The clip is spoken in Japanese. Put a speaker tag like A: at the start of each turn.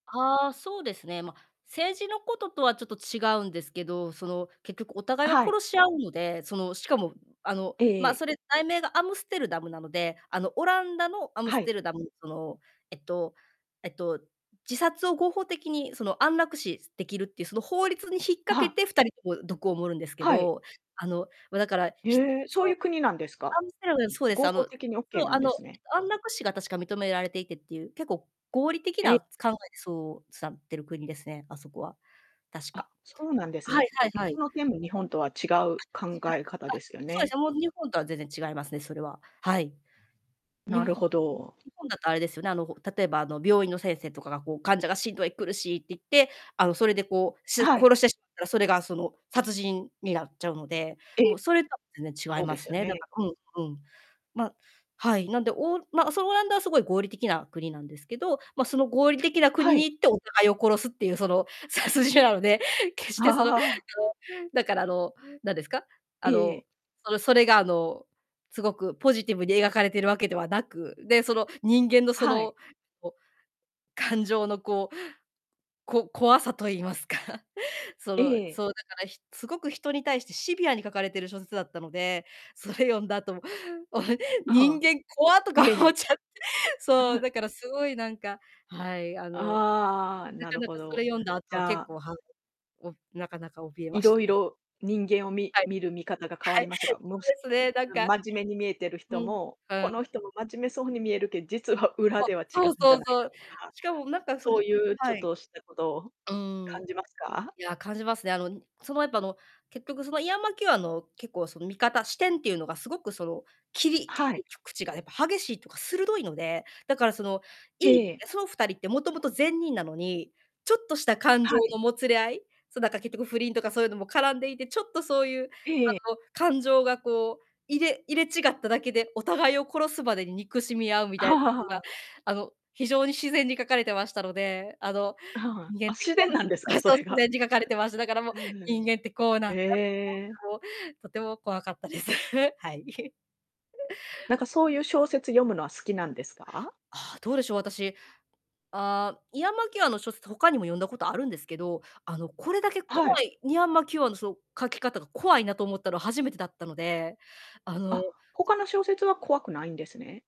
A: はあ、そうですね。ま、政治のこととはちょっと違うんですけど、その、結局お互
B: あ、
A: いが
B: はい。
A: 殺し合うので、その、しかも、あの、
B: えええ
A: ま、
B: え。
A: それ題名がアムステルダムなので、あの、オランダのアム
B: は
A: ス
B: い。
A: テルダムその、えっと、えっと、自殺を合法的に、その、安楽死できるっていう、その、法律に引っ
B: あ、
A: 掛
B: は
A: け
B: あ。
A: て、2人とも毒を盛るんですけ
B: はい。
A: ど、あの、ま、だから、ひ
B: へえ、そう
A: そ
B: い
A: う、
B: う国なんですか？
A: アムステルダム、そうです、
B: 合
A: あ
B: 法
A: の
B: 的にオッケ
A: そ
B: ー
A: う、
B: な
A: あ
B: んで
A: の、
B: すね。
A: 安楽死が確か認められていてっていう、結構、合理的
B: え。
A: な考えでそう、すなってる国ですね、あそこは。確か。
B: あ、そうなんです
A: はい
B: ね。
A: はいは
B: そ
A: い。
B: の点も日本とは違う考え方
A: は
B: で
A: い。あ、
B: すよ
A: そうで
B: ね。
A: す、もう日本とは全然違いますね、それは。はい。日
B: な
A: 本
B: るほど。
A: 日本だとあれですよね、あの、ほ例えば、あの、病院の先生とかが、こう、患者が、しんどい、苦しいって言って、あの、それでこう、す
B: はい。
A: 殺してしったら、それが、その、殺人になっちゃうので、
B: え。
A: もう、それとは全然違い
B: そう
A: ま
B: です
A: す
B: よ
A: ね。だ
B: ね。
A: からうん、うん。ま、はい、なんで、おま、そオランダは凄い合理的な国なんですけど、ま、その、合理的な
B: は
A: 国に
B: い。
A: 行って、お互いを殺すっていう、その、殺人なので、決して、その、あの、だから、あの、なんですか、あ
B: えええ
A: の、
B: え。
A: その、それが、あの、すごくポジティブに描かれてるわけではなく、で、その、人間の、そ
B: はい。
A: の、こ感情の、こう、こ怖さと言いますかそ
B: え
A: の、
B: え。
A: そう、だから、ひ凄く人に対してシビアに書かれてる小説だったので、それ読んだ後、も、お
B: あ、は
A: 人
B: あ。
A: 間怖っとか
B: え
A: 思っ
B: え。
A: ちゃっそ
B: う
A: う、
B: ん。
A: だから凄いなんかはい、あの、な
B: ああ、な
A: か
B: る
A: な
B: ほ
A: か、それ
B: ど。
A: 読んだ後
B: じ
A: は
B: ゃ
A: 結
B: あ
A: 構、はんをなかなか、怯え
B: い
A: まし
B: ろ
A: た
B: い
A: ね。
B: ろ人間を、み
A: はい。
B: 見る見方が変わ
A: は
B: り
A: い。
B: ましたか？もし、
A: そうですね、なん
B: あ、
A: か。
B: 真面目に見えてる
A: う
B: 人
A: ん。
B: も、
A: う
B: こ
A: ん。
B: の人も真面目そうに見えるけ実は裏
A: そ、
B: では違う
A: そう
B: んじ
A: そ
B: ゃ
A: う
B: ない
A: そ
B: か
A: う。
B: とか、
A: しかもなんか、その
B: そういうち
A: は
B: ょっ
A: い。
B: としたことを
A: うーん。
B: 感じますか？
A: いや、感じますね。あの、にその、やっぱ、あの、結局その、イアン・マキューアンの、結構、その、見方視点っていうのがすごく、その、切り切
B: はい。
A: りきゅくちが、やっぱ激しいとか、鋭いので、だから、その、い
B: へえ、
A: い
B: ええ。
A: あ、そう、2人って元々善人なのに、ちょっとした感情
B: はい。
A: のもつれ合いそ、だから、結局不倫とかそういのも絡んでいて、ちょっとそういう、
B: ええええ。
A: あの、感情がこう、入れ入れ違っただけで、お互いを殺すまでに憎しみ合うみた
B: は
A: こ
B: あは
A: と
B: あは
A: が、
B: あ。
A: あの、非常に自然に書かれてましたので、あの、
B: あ、ははん。
A: 人間っ
B: あ、
A: て
B: 自
A: こう
B: 然なんですか？
A: あ、
B: そ
A: そう、
B: れ
A: 自然
B: が。
A: に書かれてました。だから、も、
B: うん、
A: 人間ってこうなん
B: ふん。
A: だっ
B: へ
A: て
B: え。
A: 思うと、とても怖かったです。はい。
B: なんか、そういう小説読むのは好きなんですか？
A: はあ、どうでしょう、私、ああ、イアン・マキューアンの小説、他にも読んだことあるんですけど、あの、これだけ
B: は
A: 怖
B: い。
A: いイアン・マキューアンのその、書き方が怖いなと思ったの、初めてだったので、あの
B: あ、他の小説は怖くないんですね。